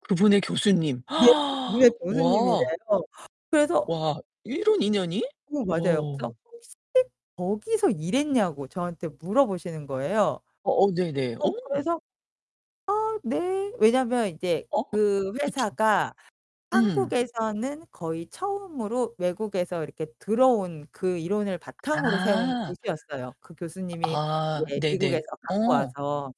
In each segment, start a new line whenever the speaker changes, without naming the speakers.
그분의 교수님.
네. 니네
와.
교수님이래요. 그래서
와, 이런 인연이?
오, 맞아요.
와.
그래서 [unintelligible] 거기서 일했냐고 저한테 물어보시는 거예요.
어어, 네네.
어
어.
그래서 "어, 네." 왜냐면 이제
어?
그
그쵸.
회사가
음.
한국에서는 거의 처음으로 외국에서 이렇게 들어온 그 이론을 바탕으로 세운
아.
곳이었어요. 그 교수님이
아,
이제
네네.
미국에서 갖고
어.
와서.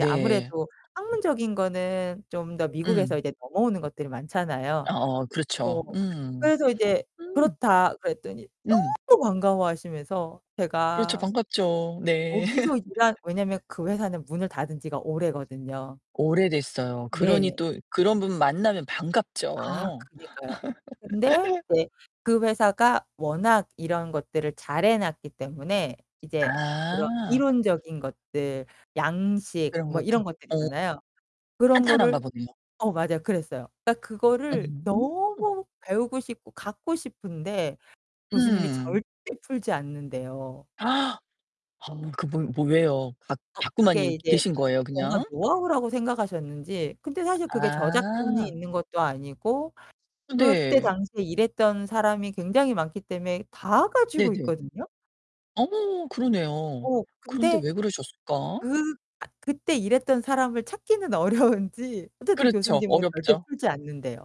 예 아무래도 학문적인 거는 좀 더 미국에서
응.
이제 넘어오는 것들이 많잖아요.
어어
어.
그렇죠. 음.
그래서 이제
음.
"그렇다." 그랬더니
음.
너무 또 반가워하시면서
그렇죠.
제가
반갑죠. 네.
거기서 일한 왜냐면 그 회사는 문을 닫은 지가 오래거든요.
오래됐어요. 그러니
네.
또 그런 분 만나면
아
반갑죠.
그니까요. 근데 이제 그 회사가 워낙 이런 것들을 잘해 놨기 때문에 이제 그런
아.
이론적인 것들, 양식
이런
뭐
것도.
이런 것들
어.
있잖아요. 그런
탄탄한가
거를
보네요.
어 맞아요. 그랬어요. 딱 그거를
오.
너무 배우고 싶고 갖고 싶은데 교수님이
음.
절대 풀지 않는대요.
허 그분 뭐에요? 갖
어 그게
갖고만이
이제
계신 거예요,
뭔가
그냥?
노하우라고 생각하셨는지. 근데 사실 그게 저작권이
아.
있는 것도 아니고
어
그때
네.
당시에 일했던 사람이 굉장히 많기 때문에 다 가지고
네네.
있거든요.
어 그러네요.
어,
그런데
근데
왜 그러셨을까?
그 그때 일했던 사람을 찾기는 어려운지 어쨌든
그렇죠.
교수님은 절대
어렵죠.
풀지 않는대요.